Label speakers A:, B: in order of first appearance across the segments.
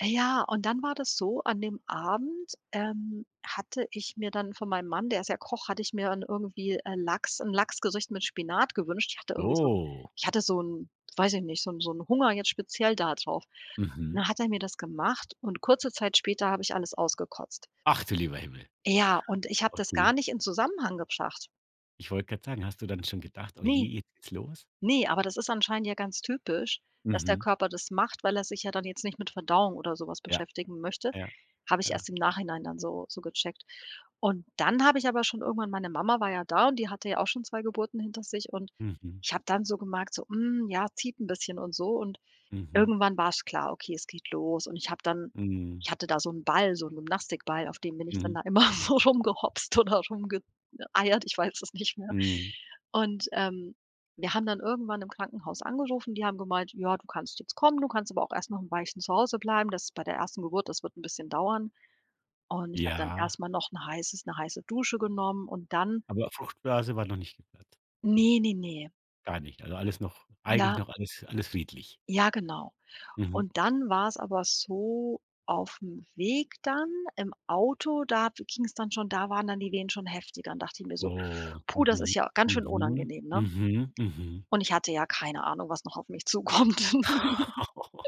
A: Äh, ja, und dann war das so: An dem Abend, ähm, hatte ich mir dann von meinem Mann, der ist ja Koch hatte ich mir irgendwie, äh, Lachs 'n Lachsgericht mit Spinat gewünscht. Ich hatte irgendwie so 'n
B: Oh.
A: ich hatte so 'n, weiß ich nicht so 'n so 'n Hunger jetzt speziell da drauf. Und
B: Mhm.
A: dann hat er mir das gemacht und kurze Zeit später habe ich alles ausgekotzt.
B: Ach du lieber Himmel.
A: Ja, und ich habe das gar
B: Okay.
A: nicht in Zusammenhang gebracht.
B: Ich wollte grad sagen, hast du dann schon gedacht: „Oh je,
A: Ne,
B: jetzt geht's los?“
A: ne, aber das ist anscheinend ja ganz typisch, dass der
B: Mhm.
A: Körper das macht, weil er sich ja dann jetzt nicht mit Verdauung oder so was
B: Ja.
A: beschäftigen möchte.
B: Ja.
A: Habe ich
B: Ja.
A: erst im Nachhinein dann so so gecheckt. Und dann habe ich aber schon irgendwann meine Mama war ja da und die hatte ja auch schon 2 Geburten hinter sich und
B: Mhm.
A: ich habe dann so gemerkt so: „Mm, ja, zieht 'n bisschen“ und so. Und
B: Mhm.
A: irgendwann war's klar: „Okay, es geht los.“ Und ich habe dann
B: Mhm.
A: ich hatte da so 'n Ball, so 'n Gymnastikball, auf den mir nichts dann
B: Mhm.
A: da immer so rumgehopst oder rumge äh, eiert, ich weiß es nicht mehr.
B: Mhm.
A: Und, ähm, wir haben dann irgendwann im Krankenhaus angerufen, die haben gemeint: „Ja, du kannst jetzt kommen, du kannst aber auch erst noch 'n Weilchen zu Hause bleiben, das ist bei der 1. Geburt das wird 'n bisschen dauern.“ Und ich habe dann
B: Ja.
A: erst mal noch 'n heißes 'ne heiße Dusche genommen und dann
B: Aber Fruchtblase war noch nicht geplatzt.
A: Ne, ne, ne.
B: Gar nicht, also, alles noch eigentlich
A: Ja.
B: noch alles alles friedlich.
A: ja genau.
B: Mhm.
A: Und dann war's aber so: Auf'm Weg dann im Auto, da be ging's dann schon da waren dann die Wehen schon heftiger. Dann dacht ich mir so:
B: Oh,
A: „Puh, das ist
B: mhm,
A: ja ganz schön
B: mhm,
A: unangenehm, ne?“
B: mhm, mhm.
A: Und ich hatte ja keine Ahnung, was noch auf mich zukommt.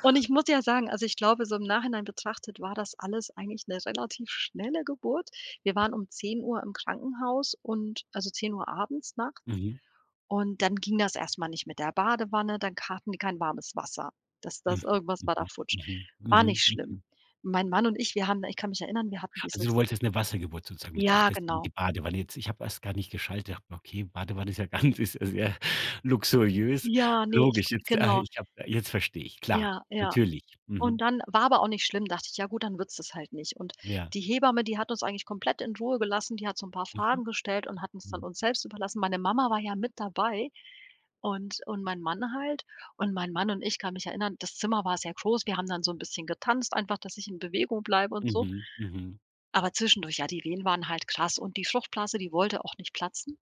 A: Und ich muss ja sagen, also, ich glaube, so im Nachhinein betrachtet war das alles eigentlich 'ne relativ schnelle Geburt. Wir waren um 10:00 im Krankenhaus und also, 10:00 abends nachts.
B: Mhm.
A: Und dann ging das erst mal nicht mit der Badewanne, dann k hatten die kein warmes Wasser. Das
B: Mhm,
A: das irgendwas war da
B: mhm,
A: futsch.
B: mhm,
A: War
B: mhm,
A: nicht schlimm.
B: mhm.
A: Meine Mann und ich, wir haben ich kann mich erinnern, wir hatten
B: Also,
A: dieses
B: du wolltest 'ne Wassergeburt sozusagen mit ach
A: Ja,
B: deswegen
A: genau.
B: die Badewanne jetzt. Ich habe erst gar nicht geschaltet. Habe gedacht: „Okay, Badewanne ist ja ganz ist ja sehr luxuriös.“
A: Ja, ne, ich w
B: Logisch, jetzt ah,
A: Genau.
B: ich habe jetzt verstehe ich, klar,
A: Ja, ja.
B: natürlich,
A: Und
B: mhm.
A: dann war aber auch nicht schlimm, dachte ich: „Ja, gut, dann wird's das halt nicht.“ Und
B: Ja.
A: die Hebamme, die hat uns eigentlich komplett in Ruhe gelassen, die hat so 'n paar
B: Mhm.
A: Fragen gestellt und hat uns dann
B: Mhm.
A: uns selbst überlassen. Meine Mama war ja mit dabei und und mein Mann halt. Und mein Mann und ich kann mich erinnern, das Zimmer war sehr groß, wir haben dann so 'n bisschen getanzt einfach, dass ich in Bewegung bleibe und so
B: Mhm. Mhm.
A: aber zwischendurch ja, die Wehen waren halt krass und die Fruchtblase, die wollte auch nicht platzen.